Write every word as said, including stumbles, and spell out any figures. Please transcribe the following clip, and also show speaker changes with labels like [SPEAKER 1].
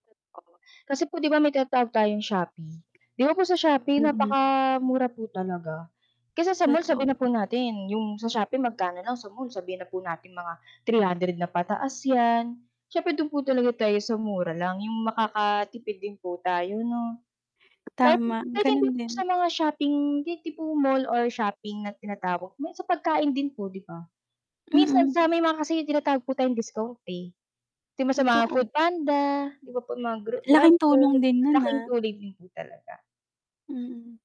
[SPEAKER 1] Totoo. Kasi po 'di ba, may tinatawag tayong Shopee. 'Di ba po sa Shopee
[SPEAKER 2] Mm.
[SPEAKER 1] napakamura po talaga, kaysa sa mall.
[SPEAKER 2] Totoo.
[SPEAKER 1] Sabihin na po natin 'yong sa Shopee magkano lang sa mall sabihin na po natin mga three hundred na pataas yan. Siyempre do'n po talaga tayo sa mura lang, yung makaka-tipid din po tayo, 'no. Kahit
[SPEAKER 2] Tama,
[SPEAKER 1] kahit
[SPEAKER 2] gano'n
[SPEAKER 1] hindi po
[SPEAKER 2] din.
[SPEAKER 1] sa mga shopping di tipong mall or shopping na tinatawag, may sa pagkain din po, 'di ba? Minsan
[SPEAKER 2] Mm.
[SPEAKER 1] sa may mga kasi yung tinatawag po tayong discount, eh, 'di ba, sa mga
[SPEAKER 2] Totoo.
[SPEAKER 1] foodpanda, 'di ba, po mga gra Grab
[SPEAKER 2] Laking
[SPEAKER 1] food,
[SPEAKER 2] tulong din no'n,
[SPEAKER 1] laking
[SPEAKER 2] ah.
[SPEAKER 1] tulong din po talaga.
[SPEAKER 2] Mm.